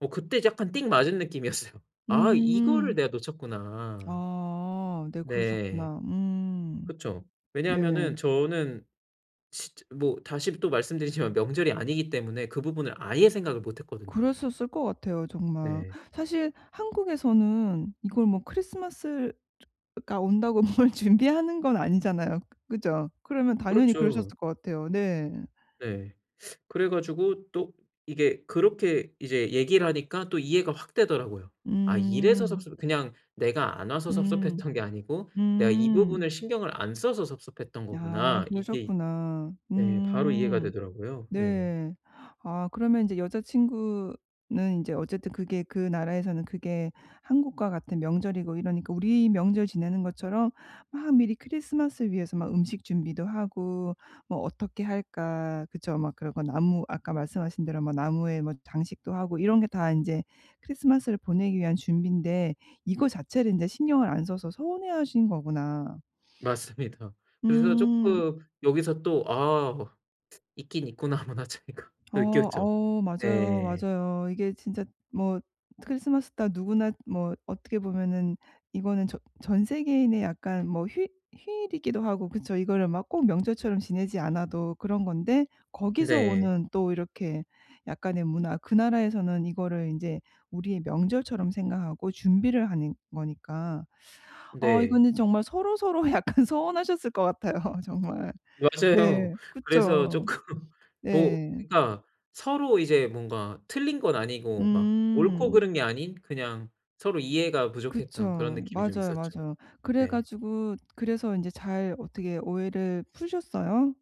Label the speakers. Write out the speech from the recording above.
Speaker 1: 어 그때 약간 띡 맞은 느낌이었어요. '아 이거를
Speaker 2: 음.
Speaker 1: 내가 놓쳤구나.'
Speaker 2: 아. 네
Speaker 1: 네.
Speaker 2: 그러셨구나. 음
Speaker 1: 그쵸.
Speaker 2: 네.
Speaker 1: 왜냐하면은 저는 진짜 뭐 다시 또 말씀드리지만 명절이 아니기 때문에 그 부분을 아예 생각을 못 했거든요.
Speaker 2: 그러셨을 것 같아요 정말.
Speaker 1: 네.
Speaker 2: 사실 한국에서는 이걸 뭐 크리스마스를 즈 가 온다고 뭘 준비하는 건 아니잖아요. 그죠? 그러면 당연히 그러셨을
Speaker 1: 그렇죠.
Speaker 2: 것 같아요. 네.
Speaker 1: 네 그래 가지고 또 이게 그렇게 이제 얘기를 하니까 또 이해가 확 되더라고요. '아 이래서
Speaker 2: 음.
Speaker 1: 섭섭 그냥 내가 안 와서
Speaker 2: 음.
Speaker 1: 섭섭했던 게 아니고 내가 이
Speaker 2: 음.
Speaker 1: 부분을 신경을 안 써서 섭섭했던
Speaker 2: 야.
Speaker 1: 거구나.' 이게
Speaker 2: 그러셨구나.
Speaker 1: 네. 바로 이해가
Speaker 2: 음
Speaker 1: 되더라고요. 네.
Speaker 2: 네. 아 그러면 인제 여자 친구는 인제 어쨌든 그게 그 나라에서는 그게 한국과 같은 명절이고 이러니까 우리 명절 지내는 것처럼 막 미리 크리스마스 위해서 막 음식 준비도 하고 뭐 '어떻게 할까?' 그쵸? 막 그런 거 나무 아까 말씀하신 대로 나무에 뭐 장식도 하고 이런 게 다 인제 크리스마스를 보내기 위한 준비인데 이거 자체를 인제 신경을 안 써서 서운해 하신 거구나.
Speaker 1: 맞습니다. 그래서
Speaker 2: 음.
Speaker 1: 쪼끔 여기서 또 '아 있긴 있구나 문화 차이가.'
Speaker 2: 어
Speaker 1: 느꼈죠.
Speaker 2: 어. 맞아요,
Speaker 1: 네.
Speaker 2: 맞아요. 이게 진짜 뭐 크리스마스 다 누구나 뭐 어떻게 보면은 이거는 전 전 세계인의 약간 뭐 휴 휴일이기도 하고 그쵸? 이거를 막 꼭 명절처럼 지내지 않아도 그런 건데 거기서
Speaker 1: 네.
Speaker 2: 오는 또 이렇게 약간의 문화. 그 나라에서는 이거를 인제 우리의 명절처럼 생각하고 준비를 하는 거니까 어
Speaker 1: 네.
Speaker 2: 이거는 정말 서로 서로 약간 서운하셨을 것 같아요 정말.
Speaker 1: 맞아요.
Speaker 2: 네
Speaker 1: 그래서
Speaker 2: 그쵸?
Speaker 1: 쪼끔 뭐
Speaker 2: 네.
Speaker 1: 그러니까 서로 이제 뭔가 틀린 건 아니고 막 옳고
Speaker 2: 음.
Speaker 1: 그른 게 아닌 그냥 서로 이해가 부족했던 그런
Speaker 2: 그쵸.
Speaker 1: 느낌이 좀
Speaker 2: 맞아요,
Speaker 1: 있었죠.
Speaker 2: 맞아요. 그래
Speaker 1: 네.
Speaker 2: 가지고 그래서 인제 잘 어떻게 오해를 푸셨어요?